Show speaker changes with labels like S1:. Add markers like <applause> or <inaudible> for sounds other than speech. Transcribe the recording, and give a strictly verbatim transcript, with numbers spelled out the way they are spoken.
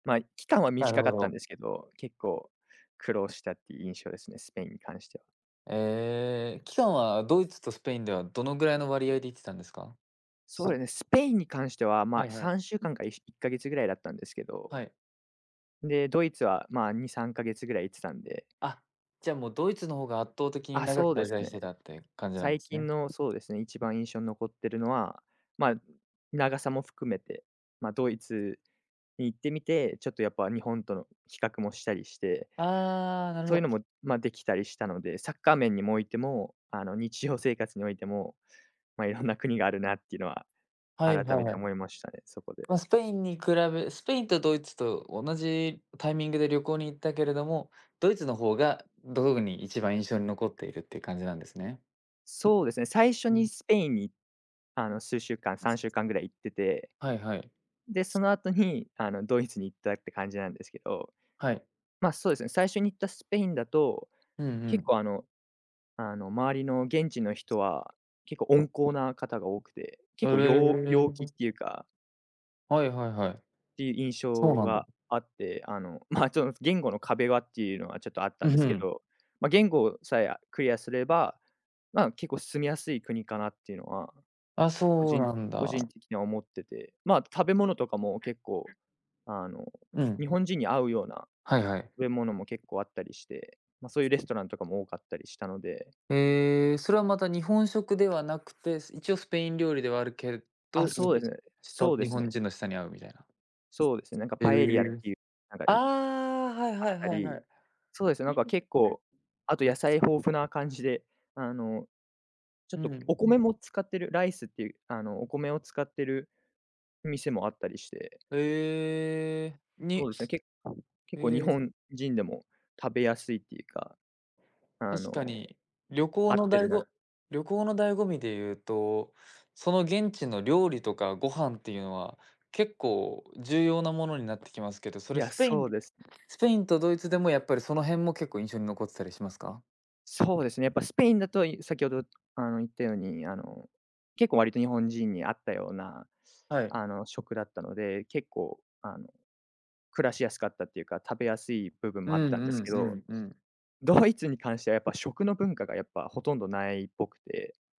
S1: ま、い期間は
S2: <unintelligible> なる
S1: 短
S2: ほ
S1: かったん
S2: ど。
S1: ですけど、結構苦労したっていう印象ですね。スペインに関しては。
S2: え。期間はドイツとスペインではどのぐらいの割合で行ってたんですか？
S1: そ
S2: す
S1: れね、スペインに関しては、ま
S2: は
S1: あ、
S2: いは
S1: さ
S2: い。
S1: んしゅう
S2: う
S1: かんか、いしいっかげつぐらいだったんですけど
S2: はい。
S1: ん、で、ドイツはまあ、にさんかげつぐらい行ってたんで。
S2: あ、じゃ、もうドイツの方が圧倒的に
S1: あ、
S2: 長く
S1: そうで
S2: 滞
S1: す
S2: 在し
S1: ね。
S2: てたって感じなん
S1: 最
S2: です
S1: 近
S2: ね？
S1: の、そうですね、一番印象残ってるのは、まあ、ん、長さも含めて、ま、ドイツに行ってみて、ちょっとやっぱ日本との比較もしたりして。
S2: ああ、なる
S1: そ
S2: ほ
S1: ういう
S2: ど。
S1: のも、ま、できたりしたので。サッカー面にもおいても、あの、日常生活においても、ま、いろんな国があるなっていうのは
S2: はい
S1: 改め
S2: はい。
S1: て
S2: う
S1: 思いましたね、そこで。
S2: ま、スペインに比べスペインとドイツと同じタイミングで旅行に行ったけれども、ドイツの方がどごごに一番印象に残っているっていう感じなんですね。
S1: そうですね。最初
S2: う
S1: に
S2: ん。
S1: スペインに、あの、数週間、
S2: 摩
S1: さん
S2: 擦。
S1: しゅうかんぐらい行ってて。
S2: はいはい。
S1: ん、で、
S2: つ
S1: その後に、あの、ドイツに行ったって感じなんですけど。
S2: はい。
S1: まあ、そうですね、最初に行ったスペインだと、
S2: うん、ふ
S1: 結
S2: ん。
S1: 構あのあの周りの現地の人は結構温厚な方が多くて。結
S2: お、
S1: 構
S2: れれ
S1: よう
S2: れれ、
S1: 陽気
S2: ぼ
S1: っ
S2: す
S1: ていうか
S2: はいはいはい。
S1: っていう印
S2: そう
S1: 象
S2: なんだ。
S1: があって。あの、まあ、ちょんす言語の壁はっていうのは、ちょっとあった
S2: う、
S1: んで
S2: ふ
S1: すけ
S2: ん。
S1: ど。ま、言語さえ、あ、クリアすれば、まあ、結構住みやすい国かなっていうのは、
S2: あ、
S1: 個
S2: そう
S1: 人
S2: なん
S1: 個人
S2: だ。
S1: 的には思ってて。まあ、食べ物とかも結構、
S2: <unintelligible>
S1: あの、
S2: うん。
S1: 日本人に合うような
S2: はいはい。
S1: べ物も結構あったりして。ま、そういうレストランとかも多かったりしたので。
S2: へえ、それはまた日本食ではなくて、す一応スペイン料理ではあるけれど、
S1: あ、そうですね。
S2: 舌
S1: そうで
S2: 日
S1: す
S2: 本
S1: ね。
S2: 人の舌に合うみたいな。
S1: そうですね。なんか
S2: つ
S1: パ
S2: つ
S1: エリアっ
S2: へえ、
S1: ていう、なんか、
S2: あ
S1: い
S2: あ。はい
S1: あっ
S2: はい
S1: た
S2: はいはい。<unintelligible> は
S1: り。
S2: い、
S1: そうですよね、なんか結構、あと野
S2: つ
S1: 菜
S2: そう。
S1: 豊富な感じで。あの、ちょっ
S2: う
S1: と
S2: ん。
S1: お米も使ってる、ライスっていう、あの、お米を使ってる店もあったりして。
S2: へえ。
S1: そ
S2: に
S1: うですね。け
S2: へ
S1: 結構日
S2: え。
S1: 本人でも、食べやすいっていうか、あ
S2: 確
S1: の、
S2: かに。旅行
S1: 合
S2: の
S1: ってる
S2: 醍
S1: な
S2: 醐旅行の醍醐味でいうと、その現地の料理とかご飯っていうのは結構重要なものになってきますけど。そ
S1: い
S2: れ
S1: や、
S2: スペイン
S1: そう
S2: で
S1: ですね。
S2: スペインとドイツでもやっぱりその辺も結構印象に残ってたりしますか。
S1: そうですね。やっぱスペインだと、い先ほど、あの、言ったように、あの、結構割と日本人に合ったような、
S2: はい。
S1: あの、食だったので、結構、あの、暮らしやすかったっていうか、食べやすい部分
S2: う
S1: もあっ
S2: ん
S1: たんです
S2: うん
S1: け
S2: う
S1: ど。
S2: んうん。
S1: ドイツに関してはやっぱ食の文化がやっぱほとんどないっぽくて。